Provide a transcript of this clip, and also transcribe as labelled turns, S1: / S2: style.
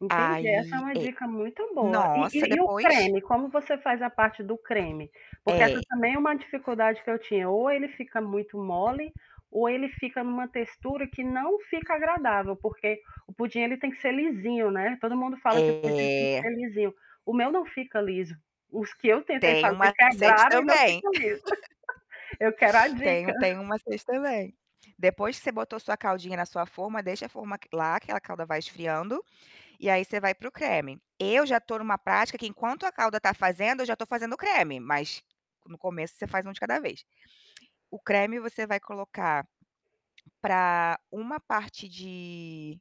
S1: Entendi, essa é
S2: Ai,
S1: uma
S2: é.
S1: dica muito boa. E
S2: Nossa,
S1: e e o
S2: depois?
S1: creme, como você faz a parte do creme? Porque essa
S2: É.
S1: também é uma dificuldade que eu tinha, ou ele fica muito mole, ou ele fica em uma textura que não fica agradável, porque o pudim ele tem que ser lisinho, né? Todo mundo fala que o pudim tem que
S2: É.
S1: ser lisinho. O meu não fica liso. Os que eu tentei
S2: Tem um
S1: fazer
S2: macete
S1: quebraram e não
S2: também.
S1: ficam liso. Eu quero a
S2: Tem
S1: dica.
S2: um tem um macete também. Depois que você botou sua caldinha na sua forma, deixa a forma quela aquela calda vai esfriando, e aí você vai para o creme. Eu já estou em uma prática que enquanto a calda está fazendo, eu já estou fazendo o creme, mas no começo você faz um de cada vez. O creme você vai colocar, para uma parte de